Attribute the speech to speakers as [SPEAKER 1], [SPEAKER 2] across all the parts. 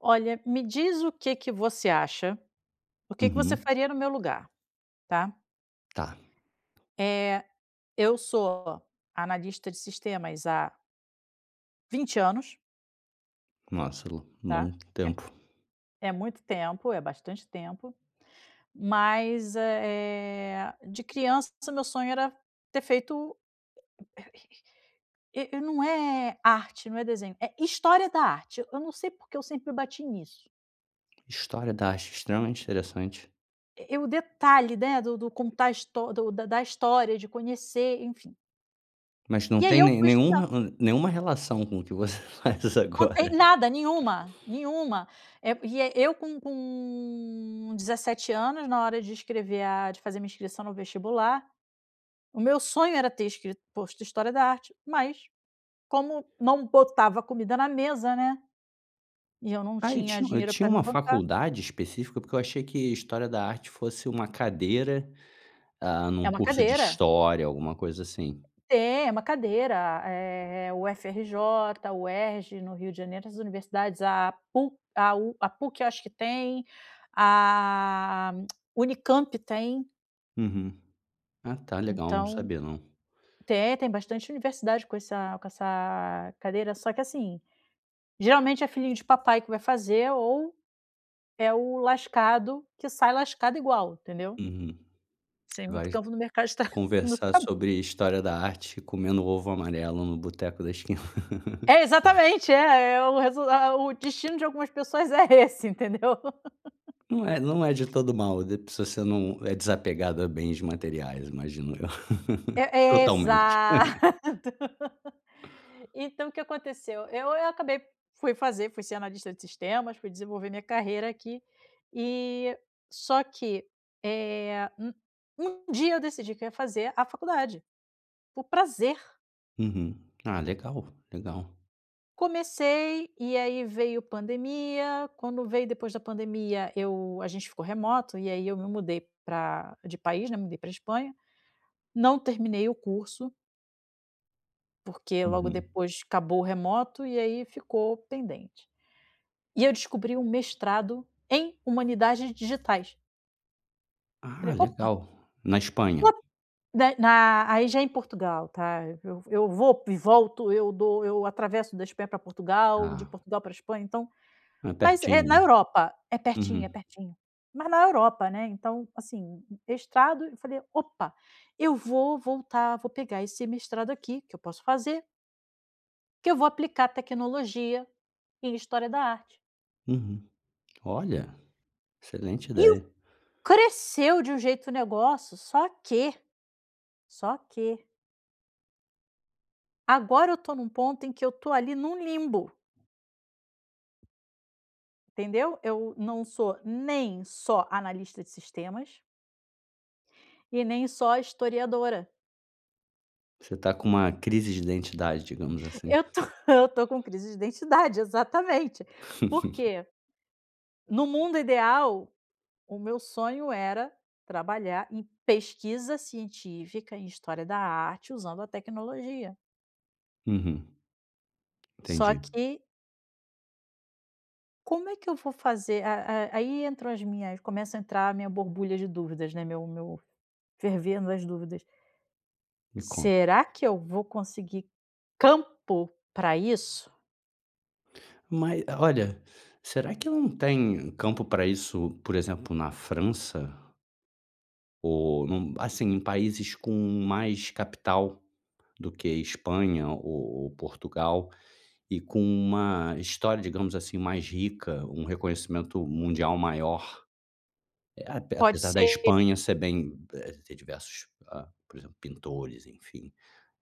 [SPEAKER 1] Olha, me diz o que que você acha, o que que você
[SPEAKER 2] Uhum.
[SPEAKER 1] faria no meu lugar, tá?
[SPEAKER 2] Tá.
[SPEAKER 1] Eh, eu sou analista de sistemas há 20 anos
[SPEAKER 2] Nossa, lo
[SPEAKER 1] tá?
[SPEAKER 2] longo tempo.
[SPEAKER 1] É é muito tempo, é bastante tempo mas, eh, de criança o meu sonho era ter feito e e, não é arte, não é desenho, é história da arte, eu não sei porque eu sempre bati nisso.
[SPEAKER 2] História da arte, extremamente interessante.
[SPEAKER 1] E e o detalhe né, do do contar a histó do do da história, de conhecer, enfim.
[SPEAKER 2] Mas não
[SPEAKER 1] E aí
[SPEAKER 2] tem
[SPEAKER 1] eu
[SPEAKER 2] nem
[SPEAKER 1] fui estudar.
[SPEAKER 2] nenhuma, hum, nenhuma relação com o que você faz
[SPEAKER 1] Não
[SPEAKER 2] agora.
[SPEAKER 1] tem nada, nenhuma nenhuma, eh, e eu com com 17 anos, na hora de escrever a, de fazer minha inscrição no vestibular, o meu sonho era ter escrito posto história da arte, mas, como não botava comida na mesa, né, e eu não
[SPEAKER 2] Ai, e
[SPEAKER 1] tinha
[SPEAKER 2] tin e
[SPEAKER 1] dinheiro
[SPEAKER 2] tinha
[SPEAKER 1] pra me
[SPEAKER 2] uma
[SPEAKER 1] bancar.
[SPEAKER 2] faculdade específica? Porque eu achei que história da arte fosse uma cadeira, ah,
[SPEAKER 1] É
[SPEAKER 2] num
[SPEAKER 1] uma
[SPEAKER 2] curso de
[SPEAKER 1] cadeira.
[SPEAKER 2] história, alguma coisa assim.
[SPEAKER 1] Tem é uma cadeira eh UFRJ, UERJ no Rio de Janeiro as universidades a PU a u a PUC acho que tem, a Unicamp tem.
[SPEAKER 2] Uhum, ah tá, legal, não
[SPEAKER 1] Então,
[SPEAKER 2] sabia não.
[SPEAKER 1] tem, tem bastante universidade com essa com essa cadeira, só que assim, geralmente é filhinho de papai que vai fazer, ou é o lascado que sai lascado igual entendeu?
[SPEAKER 2] Uhum,
[SPEAKER 1] Sem muito
[SPEAKER 2] vai
[SPEAKER 1] campo no mercado de tra no
[SPEAKER 2] conversar
[SPEAKER 1] trab
[SPEAKER 2] sobre história da arte comendo ovo amarelo no boteco da esquina.
[SPEAKER 1] é
[SPEAKER 2] [unintelligible]
[SPEAKER 1] exatamente é é o resu é o destino de algumas pessoas é esse entendeu?
[SPEAKER 2] Não é não é de todo mal d se você não é desapegado a bens materiais, imagino eu,
[SPEAKER 1] É é
[SPEAKER 2] totalmente.
[SPEAKER 1] exato, então o que aconteceu? Eu eu acabei fui fazer, fui ser analista de sistemas, fui desenvolver minha carreira aqui e, só que, eh, um um dia eu decidi que eu ia fazer a faculdade, por prazer.
[SPEAKER 2] Uhum, ah legal legal.
[SPEAKER 1] Comecei, e aí veio pandemia, quando veio depois da pandemia eu a gente ficou remoto, e aí eu me mudei pra de país, né, me mudei pra Espanha, não terminei o curso porque logo
[SPEAKER 2] Uhum.
[SPEAKER 1] depois acabou o remoto, e aí ficou pendente, e eu descobri o mestrado em humanidades digitais. Eu
[SPEAKER 2] Ah,
[SPEAKER 1] fale: "Opa!".
[SPEAKER 2] legal, na
[SPEAKER 1] Ó,
[SPEAKER 2] Espanha?
[SPEAKER 1] da na aí já é em Portugal, tá, eu eu vou e volto, eu dou eu atravesso da Espanha pra Portugal, de
[SPEAKER 2] Tá.
[SPEAKER 1] Portugal pra Espanha, então
[SPEAKER 2] É
[SPEAKER 1] mas, eh,
[SPEAKER 2] pertinho
[SPEAKER 1] na
[SPEAKER 2] hein,
[SPEAKER 1] Europa é pertinho é
[SPEAKER 2] uhum.
[SPEAKER 1] pertinho, mas na Europa, né. Então, assim, mestrado eu falei: "Opa, eu vou voltar, vou pegar esse mestrado aqui que eu posso fazer" "que eu vou aplicar tecnologia e história da arte.".
[SPEAKER 2] Uhum, olha, excelente
[SPEAKER 1] E o
[SPEAKER 2] ideia.
[SPEAKER 1] cresceu de um jeito o negócio só que, só que agora eu tô num ponto em que eu estou ali num limbo. Entendeu? Eu não sou nem só analista de sistemas e nem só historiadora.
[SPEAKER 2] Você tá com uma crise de identidade, digamos assim..
[SPEAKER 1] Eu tô, eu tô com crise de identidade, exatamente. Por quê? No mundo ideal, o meu sonho era trabalhar em pesquisa científica, em história da arte, usando a tecnologia.
[SPEAKER 2] Uhum.
[SPEAKER 1] Só
[SPEAKER 2] Entendi.
[SPEAKER 1] que como é que eu vou fazer a a aí entram as minhas começa a entrar a minha borbulha de dúvidas, né, meu meu fervendo as dúvidas.
[SPEAKER 2] Me conta.
[SPEAKER 1] Será que eu vou conseguir campo pra isso?
[SPEAKER 2] Mas, olha, será que não tem campo pra isso, por exemplo, na França? Ou, num assim, em países com mais capital do que a Espanha ou ou Portugal e com uma história, digamos assim, mais rica, um reconhecimento mundial maior, ap
[SPEAKER 1] Pode
[SPEAKER 2] apesar da
[SPEAKER 1] ser.
[SPEAKER 2] Espanha ser bem de ter diversos, por exemplo, pintores, enfim,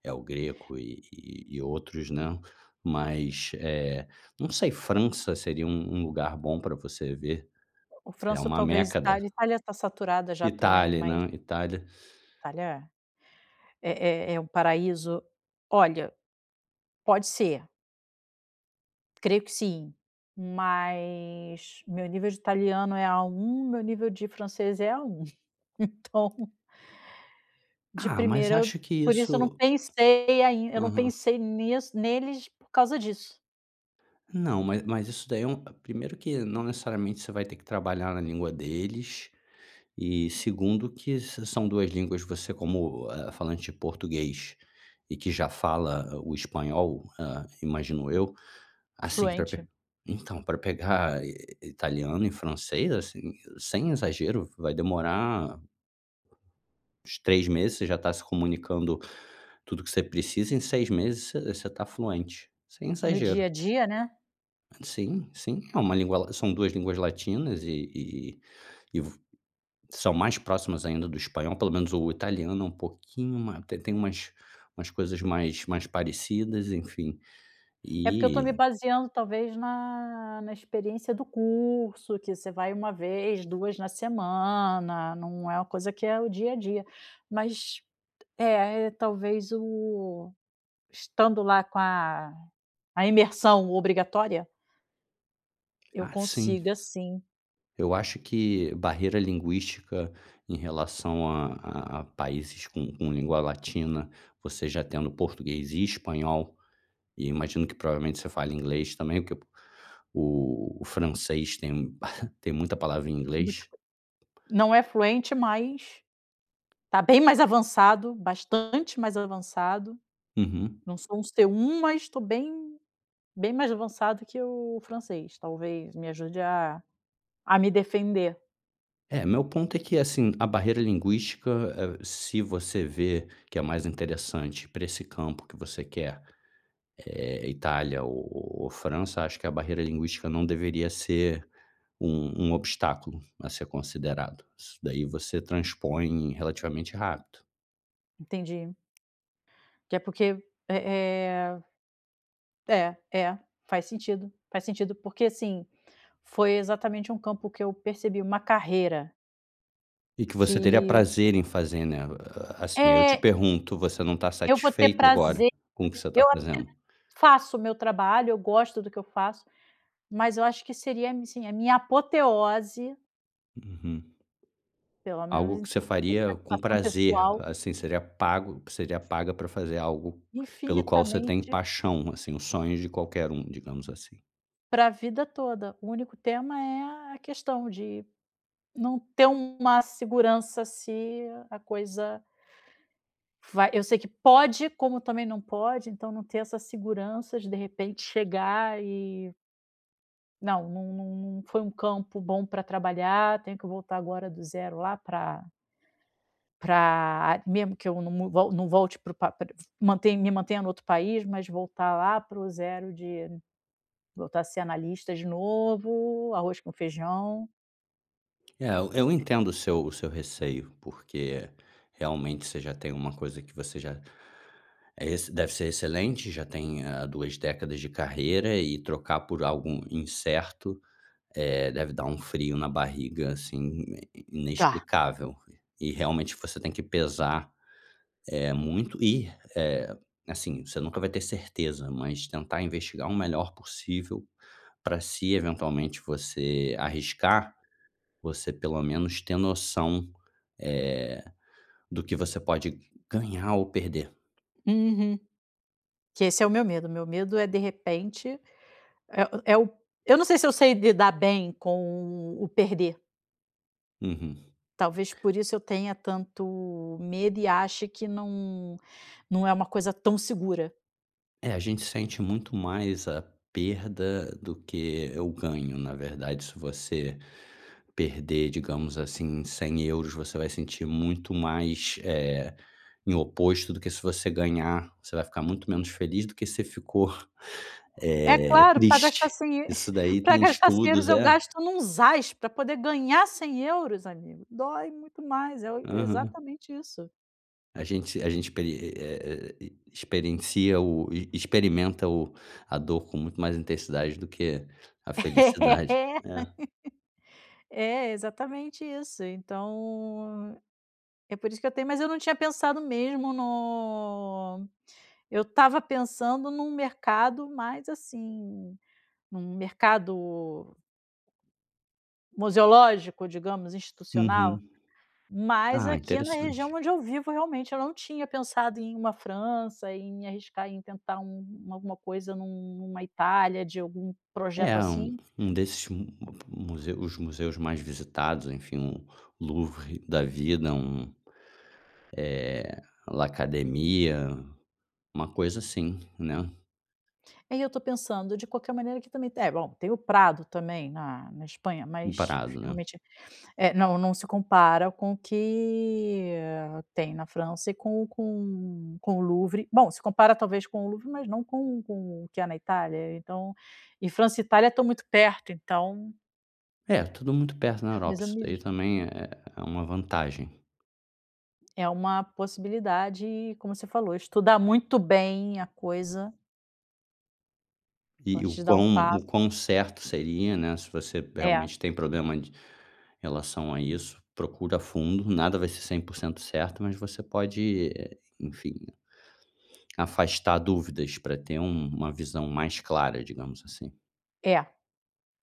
[SPEAKER 2] El Greco e e outros, né, mas, eh, não sei, França seria um um lugar bom pra você ver,
[SPEAKER 1] O
[SPEAKER 2] é
[SPEAKER 1] França ou
[SPEAKER 2] uma
[SPEAKER 1] talvez a
[SPEAKER 2] Meca da
[SPEAKER 1] Itália. Itália tá saturada já também
[SPEAKER 2] Itália,
[SPEAKER 1] mas
[SPEAKER 2] né, Itália.
[SPEAKER 1] Itália é é é o paraíso, olha pode ser creio que sim, mas meu nível de italiano é A1, meu nível de francês é A1. Então de
[SPEAKER 2] Ah mas
[SPEAKER 1] primeira eu
[SPEAKER 2] acho que
[SPEAKER 1] por isso eu não
[SPEAKER 2] isso
[SPEAKER 1] pensei ainda, eu
[SPEAKER 2] não
[SPEAKER 1] não
[SPEAKER 2] mas mas isso. Aham.
[SPEAKER 1] pensei neles por causa disso.
[SPEAKER 2] Não mas mas isso daí é primeiro que não necessariamente você vai ter que trabalhar na língua deles, e segundo que são 2 línguas que você como falante português, e que já fala o espanhol, hã, imagino eu, assim, pra,
[SPEAKER 1] Fluente.
[SPEAKER 2] então pra pegar italiano e francês assim, sem exagero, vai demorar, uns 3 meses você já tá se comunicando tudo o que você precisa, em 6 meses você você tá fluente, sem
[SPEAKER 1] No
[SPEAKER 2] exagero.
[SPEAKER 1] dia-a-dia né.
[SPEAKER 2] Sim, sim, é uma língua la são 2 línguas latinas e e e e vo são mais próximas ainda do espanhol, pelo menos o italiano, é um pouquinho ma tem tem umas umas coisas mais mais parecidas, enfim
[SPEAKER 1] É, porque eu estou
[SPEAKER 2] e
[SPEAKER 1] me baseando talvez na na experiência do curso, que você vai uma vez, 2 na semana, não é uma coisa que é o dia a dia. Mas é é talvez o estando lá com a a imersão obrigatória eu
[SPEAKER 2] Ah sim.
[SPEAKER 1] consiga, sim.
[SPEAKER 2] Eu acho que barreira linguística em relação a a a países com com língua latina, você já tendo português e espanhol, e imagino que provavelmente você fale inglês também, porque o francês tem tem muita palavra em inglês.
[SPEAKER 1] [unintelligible] não é fluente, mas está bem mais avançado, bastante mais avançado,
[SPEAKER 2] Uhum.
[SPEAKER 1] não sou um C1 mas estou bem bem mais avançado que o francês talvez me ajude a a me defender.
[SPEAKER 2] É, meu ponto é que, assim, a barreira linguística, eh, se você vê que é mais interessante pra esse campo que você quer, eh, Itália ou ou França, acho que a barreira linguística não deveria ser um um obstáculo a ser considerado. Isso daí você transpõe relativamente rápido.
[SPEAKER 1] Entendi. Que é porque é é é é faz sentido faz sentido porque, assim, foi exatamente um campo que eu percebi uma carreira
[SPEAKER 2] E que você teria
[SPEAKER 1] que
[SPEAKER 2] prazer em fazer, né? Assim, eu te
[SPEAKER 1] É
[SPEAKER 2] pergunto, você não está
[SPEAKER 1] Eu vou ter
[SPEAKER 2] satisfeita agora
[SPEAKER 1] prazer
[SPEAKER 2] com o que
[SPEAKER 1] de
[SPEAKER 2] você
[SPEAKER 1] fazer
[SPEAKER 2] está
[SPEAKER 1] eu até
[SPEAKER 2] fazendo?
[SPEAKER 1] faço o meu trabalho, eu gosto do que eu faço, mas eu acho que seria, assim, a minha apoteose
[SPEAKER 2] Uhum.
[SPEAKER 1] pelo menos
[SPEAKER 2] Algo
[SPEAKER 1] em
[SPEAKER 2] que você
[SPEAKER 1] níveis de
[SPEAKER 2] faria com
[SPEAKER 1] satisfação
[SPEAKER 2] prazer,
[SPEAKER 1] pessoal.
[SPEAKER 2] assim seria pago que seria paga pra fazer algo pelo qual você tem
[SPEAKER 1] Infinitamente
[SPEAKER 2] paixão, assim, os sonhos de qualquer um, digamos assim.
[SPEAKER 1] pra vida toda, o único tema é a questão de não ter uma segurança se a coisa vai eu sei que pode, como também não pode, então não ter essa segurança de de repente chegar e não, não não não foi um campo bom para trabalhar tenho que voltar agora do 0 lá para pra mesmo que eu não não volte não volte o pra mantém me mantenha no outro país mas voltar lá para o 0 de voltar a ser analista de novo, arroz com feijão.
[SPEAKER 2] É, eu entendo o seu o seu receio, porque realmente, você já tem uma coisa que você já eh esse deve ser excelente, já tem, eh, 2 décadas de carreira, e trocar por algo incerto, eh deve dar um frio na barriga, assim, in
[SPEAKER 1] Tá.
[SPEAKER 2] inexplicável. E realmente você tem que pesar, eh, muito e, eh, assim, você nunca vai ter certeza, mas tentar investigar o melhor possível, pra se eventualmente você arriscar, você pelo menos ter noção, eh, do que você pode ganhar ou perder.
[SPEAKER 1] Uhum. Que esse é o meu medo, meu medo é de repente, é é o eu não sei se eu sei lidar bem com o o perder
[SPEAKER 2] Uhum.
[SPEAKER 1] talvez por isso eu tenha tanto medo e ache que não não é uma coisa tão segura.
[SPEAKER 2] É, a gente sente muito mais a perda do que o ganho, na verdade, se você perder, digamos assim, 100€, você vai sentir muito mais, eh, em oposto do que se você ganhar, você vai ficar muito menos feliz do que se você, eh, ficou
[SPEAKER 1] É claro, pra gastar
[SPEAKER 2] triste.
[SPEAKER 1] 100 eu
[SPEAKER 2] Isso daí
[SPEAKER 1] pra
[SPEAKER 2] tem
[SPEAKER 1] gastar 100€
[SPEAKER 2] estudos,
[SPEAKER 1] eu
[SPEAKER 2] é
[SPEAKER 1] gasto num zás, pra poder ganhar 100€ amigo, dói muito mais, é
[SPEAKER 2] aham.
[SPEAKER 1] exatamente isso.
[SPEAKER 2] A gente a gente experi é experiencia o experimenta o, a dor com muito mais intensidade do que a felicidade,
[SPEAKER 1] É,
[SPEAKER 2] é.
[SPEAKER 1] é exatamente isso então é por isso que eu tenho mas eu não tinha pensado mesmo no eu estava pensando num mercado mais, assim, num mercado museológico digamos, institucional,
[SPEAKER 2] Uhum,
[SPEAKER 1] mas
[SPEAKER 2] ah,
[SPEAKER 1] aqui na região
[SPEAKER 2] interessante.
[SPEAKER 1] onde eu vivo realmente, eu não tinha pensado em uma França em me arriscar em tentar alguma coisa num numa Itália de algum projeto
[SPEAKER 2] É, um
[SPEAKER 1] assim.
[SPEAKER 2] um desses mus os museus mais visitados, enfim, Louvre da vida, um, eh, La academia, uma coisa assim, né.
[SPEAKER 1] E aí eu estou pensando, de qualquer maneira aqui também é bom, tem o Prado também na na Espanha mas
[SPEAKER 2] Emparado né?
[SPEAKER 1] realmente, não não se compara com o que tem na França e com com com o Louvre bom, se compara talvez com o Louvre mas não com com o que há na Itália então, e França Itália estão muito perto então
[SPEAKER 2] É, tudo muito perto na
[SPEAKER 1] mas
[SPEAKER 2] Europa,
[SPEAKER 1] eu
[SPEAKER 2] isso
[SPEAKER 1] me
[SPEAKER 2] daí
[SPEAKER 1] vejo.
[SPEAKER 2] também é é uma vantagem.
[SPEAKER 1] É uma possibilidade como você falou estudar muito bem a coisa
[SPEAKER 2] E o
[SPEAKER 1] antes de dar um
[SPEAKER 2] quão
[SPEAKER 1] passo.
[SPEAKER 2] o quão certo seria, né, se você
[SPEAKER 1] É.
[SPEAKER 2] realmente tem problema d em relação a isso, procura fundo, nada vai ser 100% certo, mas você pode, enfim, afastar dúvidas pra ter um uma visão mais clara, digamos assim.
[SPEAKER 1] É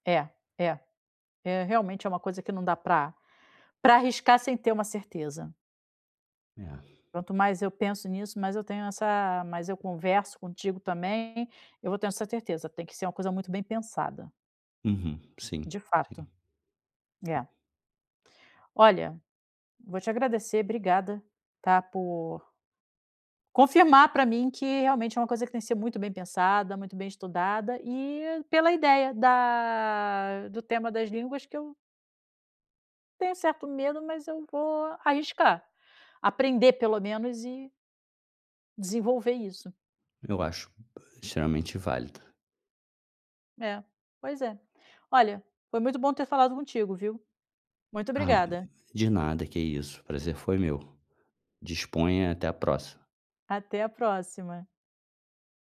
[SPEAKER 1] é é é realmente é uma coisa que não dá pra pra arriscar sem ter uma certeza.
[SPEAKER 2] É.
[SPEAKER 1] Quanto mais eu penso nisso mais eu tenho essa mais eu converso contigo também. Eu vou tendo essa certeza tem que ser uma coisa muito bem pensada.
[SPEAKER 2] Uhum, sim,
[SPEAKER 1] De
[SPEAKER 2] sim.
[SPEAKER 1] fato, é. Olha vou te agradecer obrigada, tá, por confirmar pra mim que realmente é uma coisa que tem que ser muito bem pensada, muito bem estudada e pela ideia da do tema das línguas que eu tenho um certo medo, mas eu vou arriscar, aprender pelo menos e desenvolver isso.
[SPEAKER 2] Eu racho extremamente válido.
[SPEAKER 1] É, pois é, olha, foi muito bom ter falado contigo, viu, muito
[SPEAKER 2] Ah,
[SPEAKER 1] obrigada.
[SPEAKER 2] de nada que isso, prazer foi meu, disponha, e até a próxima.
[SPEAKER 1] Até a próxima.